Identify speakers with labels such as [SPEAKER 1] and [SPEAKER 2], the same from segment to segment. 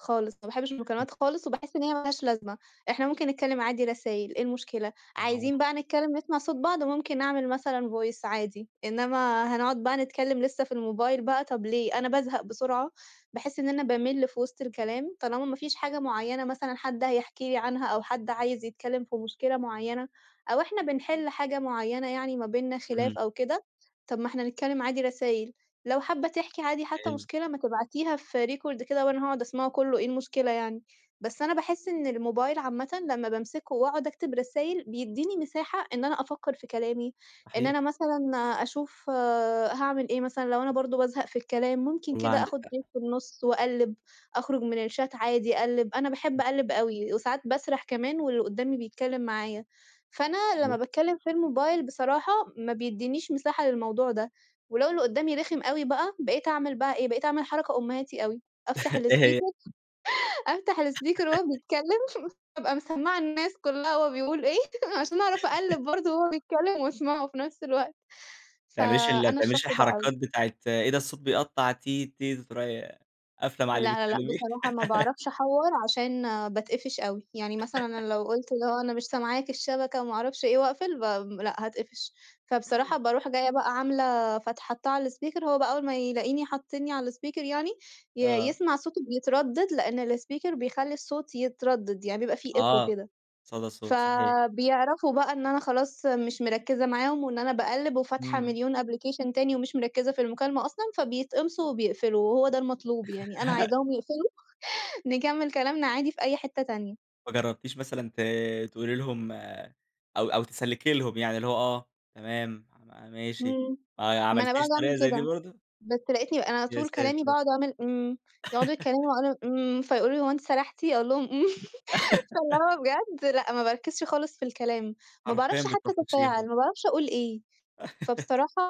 [SPEAKER 1] خالص، ما باحبّش
[SPEAKER 2] [unintelligible]
[SPEAKER 1] المكالمات خالص وباحس إن هي ما لهاش لازمة، إحنا ممكن نتكلّم عادي رسايل إيه المشكلة،
[SPEAKER 2] أها.
[SPEAKER 1] عايزين بقى نتكلّم نسمع صوت بعض وممكن نعمل مثلًا voice عادي، إنّما هنقعُد بقى نتكلّم لسّه في الموبايل بقى طب ليه؟ أنا بازهق بسرعة، باحِس إن أنا بامِل في وِسط الكلام، طالما ما فيش حاجة معيّنة مثلًا حد هيحكي لي عنها أو حد عايز يتكلّم في مشكلة معيّنة أو إحنا بنحِل حاجة معيّنة يعني ما بيننا
[SPEAKER 2] إمم.
[SPEAKER 1] خلاف أو كده، طب ما إحنا نتكلّم عادي رسايل. لو حابّة تحكي عادي حتّى
[SPEAKER 2] حلو.
[SPEAKER 1] مشكلة ما تبعتيها في record كده وأنا هاقعُد أسمعه كُلّه إيه المشكلة يعني؟ بس أنا باحِس إن الموبايل عامةً لمّا بامسكه وأقعُد أكتب رسايل، بيدّيني مساحة إن أنا أفكّر في كلامي، إن
[SPEAKER 2] صحيح.
[SPEAKER 1] أنا مثلًا أشوف هاعمل إيه مثلًا لو أنا برضه بازهق في الكلام ممكن
[SPEAKER 2] والله
[SPEAKER 1] كده
[SPEAKER 2] عندِك
[SPEAKER 1] آخُد break
[SPEAKER 2] حق.
[SPEAKER 1] في النُص وأقلّب، أخرج من الchat عادي أقلّب، أنا باحب
[SPEAKER 2] [unintelligible]
[SPEAKER 1] أقلّب أوي وساعات باسرح كمان واللي قُدّامي بيتكلّم معايا. فأنا لمّا
[SPEAKER 2] صحيح.
[SPEAKER 1] باتكلّم في الموبايل بصراحة ما بيدّنيش مساحة للموضوع ده ولو اللي قُدّامي رخم أوي بقى بقيت أعمل بقى إيه، بقيت أعمل حركة أمهاتي أوي، أفتح
[SPEAKER 2] إيه هي؟
[SPEAKER 1] الspeaker، أفتح الspeaker وهو بيتكلّم أبقى مسمّعة الناس كُلّها هو بيقول إيه عشان أعرف أقلّب برضه وهو بيتكلّم وأسمعه في نفس الوقت،
[SPEAKER 2] ما تعمليش ال ما
[SPEAKER 1] فأنا
[SPEAKER 2] تعمليش
[SPEAKER 1] الشخص ده أوي.
[SPEAKER 2] الحركات بتاعة، إيه ده الصوت بيقطّع تيت، تيت وتروحي قافلة مع
[SPEAKER 1] لأ،
[SPEAKER 2] اللي
[SPEAKER 1] لأ، لأ
[SPEAKER 2] بتكلّميه؟
[SPEAKER 1] بصراحة ما باعرفش أحوّر عشان باتقفش أوي. يعني مثلًا أنا لو قُلت اللي هو أنا مش سامعاك الشبكة وما أعرفش إيه وأقفل، بام لأ هاتقفش. فبصراحة باروح جايّة بقى عاملة فتح حاطّاه على الspeaker وهو بقى أول ما يلاقيني حطّني على الspeaker يعني، ي
[SPEAKER 2] آه.
[SPEAKER 1] يسمع صوته بيتردّد لإن الspeaker بيخلّي الصوت يتردّد، يعني يبقى في echo
[SPEAKER 2] آه.
[SPEAKER 1] كده.
[SPEAKER 2] صدى الصوت، صحيح.
[SPEAKER 1] فبيعرفوا بقى إن أنا خلاص مش مركّزة معاهم وإن أنا باقلّب وفاتحة
[SPEAKER 2] إمم.
[SPEAKER 1] مليون application تاني ومش مركّزة في المكالمة أصلًا، فبيتقمصوا وبيقفلوا وهو ده المطلوب يعني، أنا عايزاهم يقفلوا، نكمّل كلامنا عادي في أي حتّة تانية.
[SPEAKER 2] وما جرّبتيش مثلًا ت تقولي لهم أو أو تسلّكي لهم يعني اللي هو آه، تمام، ما ماشي.
[SPEAKER 1] إمم.
[SPEAKER 2] آه، ي
[SPEAKER 1] ما أنا
[SPEAKER 2] عملتيش
[SPEAKER 1] باقعُد أعمل
[SPEAKER 2] طريقة زي دي
[SPEAKER 1] كده.
[SPEAKER 2] برضه؟
[SPEAKER 1] بس لقيتني أنا على
[SPEAKER 2] يا
[SPEAKER 1] طول كلامي
[SPEAKER 2] ساتر!
[SPEAKER 1] باقعُد أعمل إمم، يقعُدوا يتكلّموا وأنا إمم، فيقولوا لي: "هو أنتِ سَرحتِ؟" أقول لهم: "إمم." فاللي هو بجد لأ ما باركّزش خالص في الكلام، ما
[SPEAKER 2] حرفيًا
[SPEAKER 1] باعرفش حتّى
[SPEAKER 2] بتطفّشيهم.
[SPEAKER 1] أتفاعل، ما باعرفش أقول إيه، فبصراحة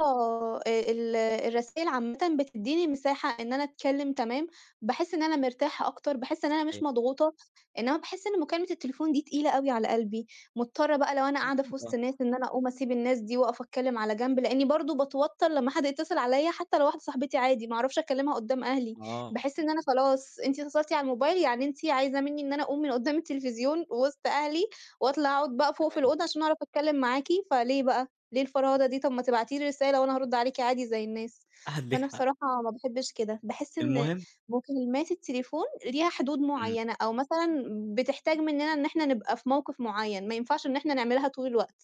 [SPEAKER 1] آآ ال الرسايل عامةً بتدّيني مساحة إن أنا أتكلّم تمام، باحس إن أنا مرتاحة أكتر، باحس إن أنا مش
[SPEAKER 2] صحيح.
[SPEAKER 1] مضغوطة، إنّما باحِس إن مكالمة التليفون دي تقيلة أوي على قلبي، مضطرة بقى لو أنا قاعدة في وِسط
[SPEAKER 2] [unintelligible]
[SPEAKER 1] ناس إن أنا أقوم أسيب الناس دي واقف أتكلّم على جنب، لإنّي برضه باتوتّر لمّا حد يتصل عليّا حتّى لو واحدة صاحبتي عادي، ما أعرفش أكلّمها قدّام أهلي.
[SPEAKER 2] آه.
[SPEAKER 1] باحس إن أنا خلاص، أنتِ اتّصلتِ على الموبايل يعني أنتِ عايزة منّي إن أنا أقوم من قُدّام التلفزيون وِسط أهلي وأطلع أقعُد بقى فوق في
[SPEAKER 2] تمام.
[SPEAKER 1] الأوضة عشان أعرف أتكلّم معاكِ فليه بقى؟ ليه الفرهدة دي؟ طب ما تبعتي لي رسالة وأنا هارُد عليكِ عادي زي الناس.
[SPEAKER 2] عندِك
[SPEAKER 1] فأنا
[SPEAKER 2] حق.
[SPEAKER 1] بصراحة ما باحبّش كده، باحس إن
[SPEAKER 2] المهم
[SPEAKER 1] مكالمات التليفون ليها حدود
[SPEAKER 2] إمم.
[SPEAKER 1] معيّنة أو مثلًا بتحتاج منّنا إن إحنا نبقى في موقف معيّن، ما ينفعش إن إحنا نعملها طول الوقت.